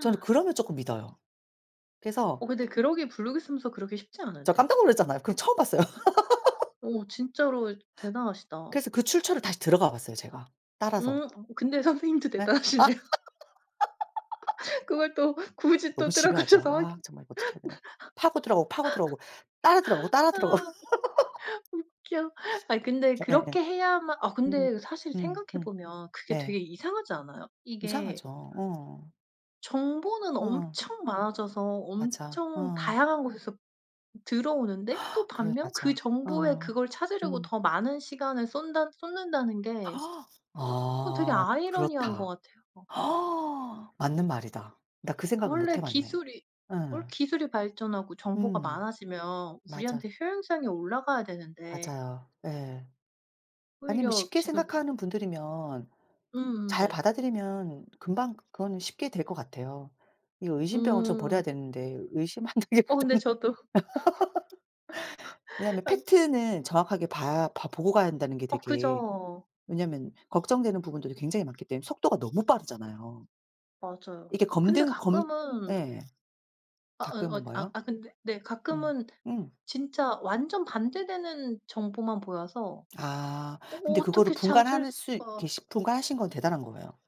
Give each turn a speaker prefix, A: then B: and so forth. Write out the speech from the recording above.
A: 저는 그러면 쪼끔 믿어요. 그래서
B: 어 근데 그러기엔 블로그에 쓰면서 그러기 쉽지
A: 저
B: 않은데.
A: 깜짝 놀랐잖아요. 그럼 처음 봤어요.
B: 어 진짜로 대단하시다.
A: 그래서 그 출처를 다시 들어가 봤어요 제가 따라서.
B: 음 근데 선생님도
A: 예? 아.
B: 대단하시네요. 그걸 또 굳이
A: 너무
B: 또
A: 집요하죠?
B: 들어가셔서
A: 아
B: 확인
A: 정말 이거 어떻게 해야 되나? 파고 들어가고 파고 들어오고 따라 들어가고 따라 들어
B: 아 웃겨. 아이 근데
A: 예예예.
B: 그렇게 해야만 아 근데
A: 음.
B: 사실
A: 음음.
B: 생각해 보면 그게 되게
A: 네.
B: 이상하지 않아요? 이게
A: 이상하죠. 어.
B: 정보는
A: 어.
B: 엄청 많아져서
A: 맞아.
B: 엄청
A: 어.
B: 다양한 곳에서 들어오는데 또
A: 그래
B: 반면 그
A: 맞아.
B: 정보에
A: 어.
B: 그걸 찾으려고
A: 음.
B: 더 많은 시간을 쏜다 쏟는다는 게 어 되게
A: 아
B: 아이러니한 거
A: 그렇다.
B: 같아요.
A: 맞는 말이다. 나 그 생각은 못 해
B: 원래
A: 봤네.
B: 기술이 원래
A: 응.
B: 기술이 발전하고 정보가
A: 음.
B: 많아지면
A: 맞아.
B: 우리한테 효용성이 올라가야 되는데
A: 맞아요. 예. 아니 뭐
B: 오히려
A: 쉽게
B: 지금 우
A: 생각하는 분들이면
B: 음음
A: 잘
B: 네.
A: 받아들이면 금방 그거는 쉽게 될 것 같아요. 이거 의심병을 좀
B: 음.
A: 버려야 되는데 의심하는 게
B: 어
A: 고작
B: 근데 저도
A: 왜냐면
B: 안
A: 팩트는 정확하게 봐야 봐 보고 가야 한다는 게
B: 어
A: 되게
B: 그죠.
A: 왜냐면 걱정되는 부분들이 굉장히 많기 때문에 속도가 너무 빠르잖아요.
B: 맞아요.
A: 이게
B: 근데
A: 검등 검
B: 가끔은
A: 예.
B: 아 어,
A: 가끔은
B: 어 아,
A: 뭐요?
B: 아 근데 네
A: 음
B: 가끔은
A: 응.
B: 진짜 완전 반대되는 정보만 보여서
A: 아 근데 그거를
B: 어떻게 찾을
A: 분간할 수
B: 수가
A: 계시 분간하신 건 대단한 거예요.